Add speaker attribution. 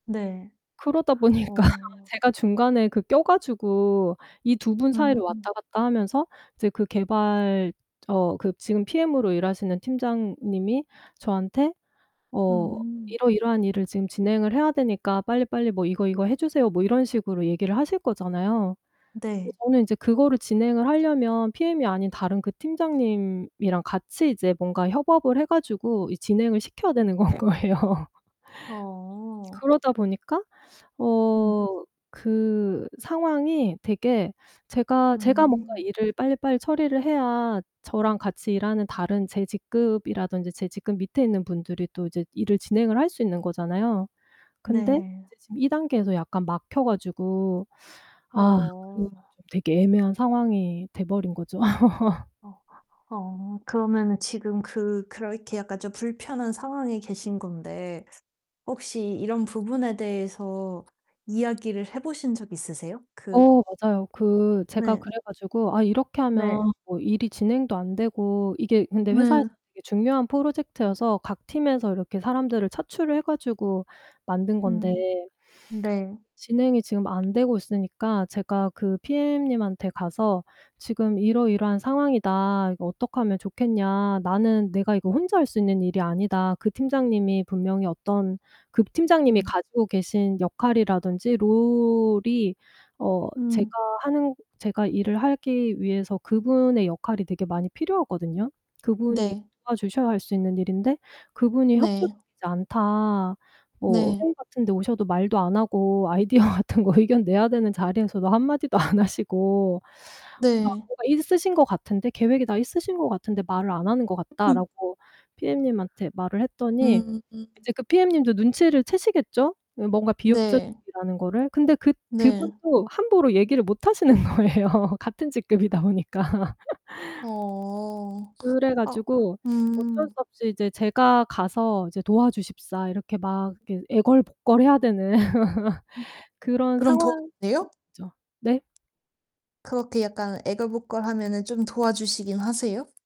Speaker 1: 네.
Speaker 2: 그러다 보니까
Speaker 1: 어.
Speaker 2: 제가 중간에 그 껴 가지고 이 2 분 사이를
Speaker 1: 음.
Speaker 2: 왔다 갔다 하면서 이제 그 개발 어 그 지금 PM으로 일하시는 팀장님이 저한테 어
Speaker 1: 음.
Speaker 2: "이러이러한 일을 지금 진행을 해야 되니까 빨리빨리 뭐 이거 이거 해주세요." 뭐 이런 식으로 얘기를 하실 거잖아요. 근데
Speaker 1: 네.
Speaker 2: 저는 인제 그거를 진행을 하려면 PM이 아닌 다른 그 팀장님이랑 같이 이제 뭔가 협업을 해 가지고 이 진행을 시켜야 되는 건 거예요.
Speaker 1: 어.
Speaker 2: 그러다 보니까
Speaker 1: 음.
Speaker 2: 어 그 상황이 되게 제가 제가 뭔가
Speaker 1: 음.
Speaker 2: 일을 빨리빨리 처리를 해야 저랑 같이 일하는 다른 제 직급이라든지 제 직급 밑에 있는 분들이 또 이제 일을 진행을 할 수 있는 거잖아요. 근데
Speaker 1: 네.
Speaker 2: 이제 지금 이 단계에서 약간 막혀 가지고 아 그
Speaker 1: 어.
Speaker 2: 좀 되게 애매한 상황이 돼버린 거죠.
Speaker 1: 어 어. 그러면은 지금 그 그렇게 약간 좀 불편한 상황에 계신 건데 혹시 이런 부분에 대해서 이야기를 해보신 적 있으세요? 그
Speaker 2: 어 맞아요. 그 제가
Speaker 1: 네.
Speaker 2: 그래 가지고 "아 이렇게
Speaker 1: 네.
Speaker 2: 하면 뭐 일이 진행도 안 되고" 이게 근데 회사에서
Speaker 1: 네.
Speaker 2: 되게 중요한 프로젝트여서 각 팀에서 이렇게 사람들을 차출을 해 가지고 만든 건데
Speaker 1: 음 네.
Speaker 2: 진행이 지금 안 되고 있으니까 제가 그 PM님한테 가서 "지금 이러이러한 상황이다. 이거 어떡하면 좋겠냐. 나는 내가 이거 혼자 할 수 있는 일이 아니다." 그 팀장님이 분명히 어떤 그 팀장님이
Speaker 1: 음.
Speaker 2: 가지고 계신 역할이라든지 롤이 어 제가
Speaker 1: 음.
Speaker 2: 하는 제가 일을 하기 위해서 그분의 역할이 되게 많이 필요하거든요. "그분이
Speaker 1: 네.
Speaker 2: 도와주셔야 할 수 있는 일인데 그분이
Speaker 1: 네.
Speaker 2: 협조적이지 않다. 뭐
Speaker 1: 네.
Speaker 2: 회의 같은데 오셔도 말도 안 하고 아이디어 같은 거 의견 내야 되는 자리에서도 1 마디도 안 하시고 막
Speaker 1: 네.
Speaker 2: 뭐가 있으신 것 같은데 계획이 다 있으신 것 같은데 말을 안 하는 것
Speaker 1: 음.
Speaker 2: 같다."라고 PM님한테 말을 했더니
Speaker 1: 음
Speaker 2: 이제 그 PM님도 눈치를 채시겠죠? 예 뭔가
Speaker 1: 네.
Speaker 2: 비협조적이라는 거를. 근데 그
Speaker 1: 네.
Speaker 2: 그분도 함부로 얘기를 못하시는 거예요 같은 직급이다 보니까.
Speaker 1: 어.
Speaker 2: 그래
Speaker 1: 아
Speaker 2: 가지고 어쩔 수
Speaker 1: 음.
Speaker 2: 없이 이제 제가 가서 이제 도와주십사 이렇게 막 이렇게 애걸복걸해야 되는
Speaker 1: 음.
Speaker 2: 그런
Speaker 1: 그럼
Speaker 2: 상황이죠.
Speaker 1: 도와주세요?
Speaker 2: 네?
Speaker 1: 그렇게 약간 애걸복걸하면은 좀 도와주시기는 하세요?